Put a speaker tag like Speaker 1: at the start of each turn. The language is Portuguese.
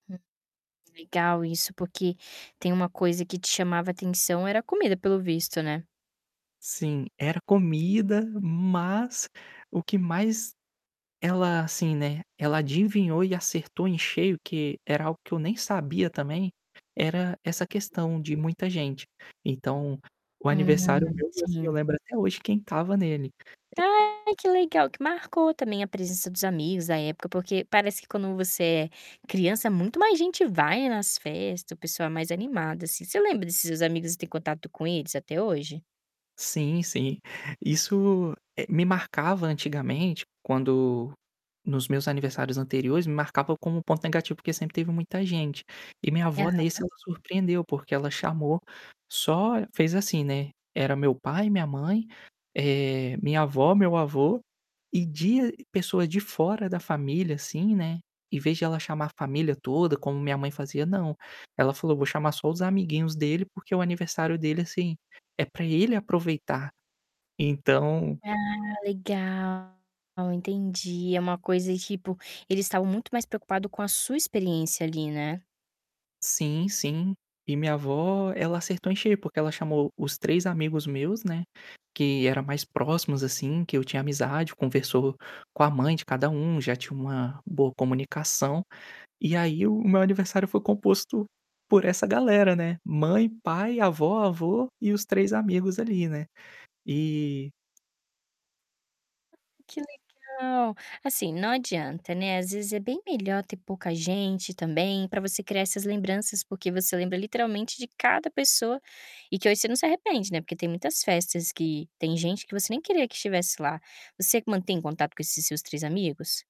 Speaker 1: Hum, legal isso, porque tem uma coisa que te chamava atenção era a comida pelo visto, né.
Speaker 2: Sim, era comida, mas o que mais ela, assim, né, ela adivinhou e acertou em cheio que era algo que eu nem sabia também, era essa questão de muita gente. Então, o aniversário
Speaker 1: Uhum,
Speaker 2: meu, assim, eu
Speaker 1: sim.
Speaker 2: lembro até hoje quem estava nele.
Speaker 1: Ai, que legal que marcou, também, a presença dos amigos, a época, porque parece que quando você é criança muito mais gente vai nas festa, o pessoal mais é animado, assim. Você lembra desses seus amigos e tem contato com eles até hoje?
Speaker 2: Sim sim. Isso eh, me marcava, antigamente, quando nos meus aniversários anteriores, me marcava como um ponto negativo, porque sempre teve muita gente. E minha avó, nesse,
Speaker 1: Aham.
Speaker 2: ela surpreendeu, porque ela chamou só fez assim, né, era meu pai, minha mãe, eh, minha avó, meu avô, e de pessoas de fora da família, assim, né, em vez de ela chamar a família toda, como minha mãe fazia, não, ela falou: "Vou chamar só os amiguinhos dele, porque o aniversário dele, assim, é para ele aproveitar". Então
Speaker 1: Ah, legal, entendi. É uma coisa, tipo, eles estavam muito mais preocupado com a sua experiência ali, né.
Speaker 2: Sim, sim e minha avó ela acertou em cheio, porque ela chamou os 3 amigos meus, né, que era mais próximos assim, que eu tinha amizade, conversou com a mãe de cada um, já tinha uma boa comunicação. E aí o o meu aniversário foi composto por essa galera, né. Mãe, pai, avó, avô e os
Speaker 1: Uh
Speaker 2: 3 amigos ali, né. E
Speaker 1: Ah, que legal. Assim, não adianta, né, às vezes é bem melhor ter pouca gente, também, pra você criar essas lembranças, porque você lembra literalmente de cada pessoa, e que hoje você não se arrepende, né, porque tem muitas festas que tem gente que você nem queria que estivesse lá. Você mantém contato com esses seus 3 amigos?